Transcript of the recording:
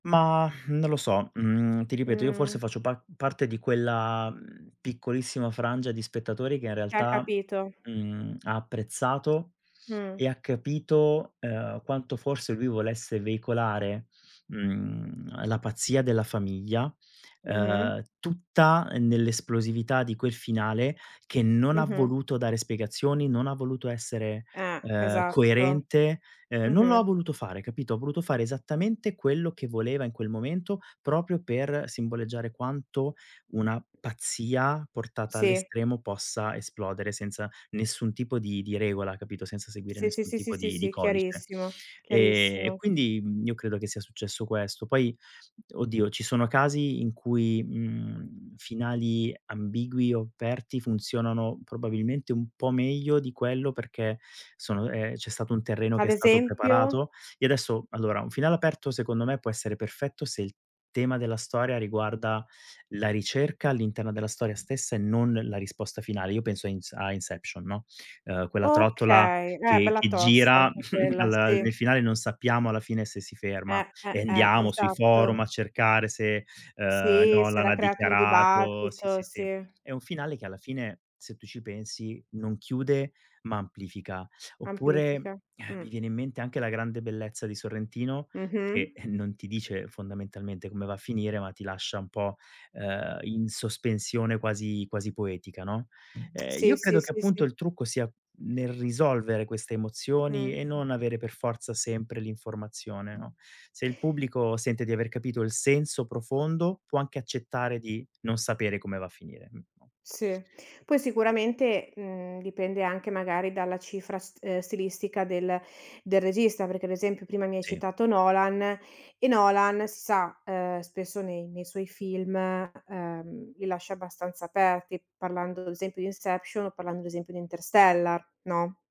Ma non lo so, mhmm, ti ripeto, io forse Mh. faccio pa parte di quella, mhmm, piccolissima frangia di spettatori che in Che ha realtà, capito. mhmm, ha apprezzato Mh. e ha capito, ehm, quanto forse lui volesse veicolare, mhmm, la pazzia della famiglia, Mh-mh. ehm, tutta, ehm, nell'esplosività di quel finale che non ha Mh-mh. voluto dare spiegazioni, non ha voluto essere, Eh, ehm, esatto. coerente, ehm, non lo ha Mh-mh. voluto fare, capito, ha voluto fare esattamente quello che voleva in quel momento proprio per simboleggiare quanto una pazzia portata Sì. all'estremo possa esplodere senza nessun tipo di di regola, capito, senza seguire Sì sì nessun sì sì tipo sì, di di si, codice. chiarissimo Ehm, e chiarissimo. quindi, mhmm, io credo che sia successo questo. Poi, oddio, ci sono casi in cui, mhmm, finali ambigui o aperti funzionano probabilmente un po' meglio di quello, perché sono ehm, c'è stato un terreno che Ad è stato esempio? preparato. Io adesso allora, un finale aperto secondo me può essere perfetto se il tema della storia riguarda la ricerca all'interno della storia stessa e non la risposta finale. Io penso a ins a Inception, no, ehm, quella trottola Okay, eh, che bella che tosta gira, anche quella, alla sì. nel finale non sappiamo alla fine se si ferma Eh, eh, e eh, andiamo sui forum esatto. a cercare se, ehm, Sì, si Nolan era ha creato un dichiarato sì dibattito, sì sì. sì. È un finale che alla fine, se tu ci pensi, non chiude ma amplifica. Oppure, Amplifica. ehm, mi Mh. viene in mente anche La Grande Bellezza di Sorrentino Mh-mh. che non ti dice fondamentalmente come va a finire, ma ti lascia un po', ehm, in sospensione quasi quasi poetica, no, ehm, Sì io sì credo che sì appunto sì. il trucco sia nel risolvere queste emozioni Mh, e mh. non avere per forza sempre l'informazione, no, se il pubblico sente di aver capito il senso profondo può anche accettare di non sapere come va a finire. Mh Sì. Poi sicuramente, mhmm, dipende anche magari dalla cifra st ehm, stilistica del del regista, perché, ad esempio, prima mi hai Sì. citato Nolan, e Nolan, si sa, ehm, spesso nei nei suoi film, ehm, li lascia abbastanza aperti, parlando, ad esempio, di Inception o parlando, ad esempio, di Interstellar, no?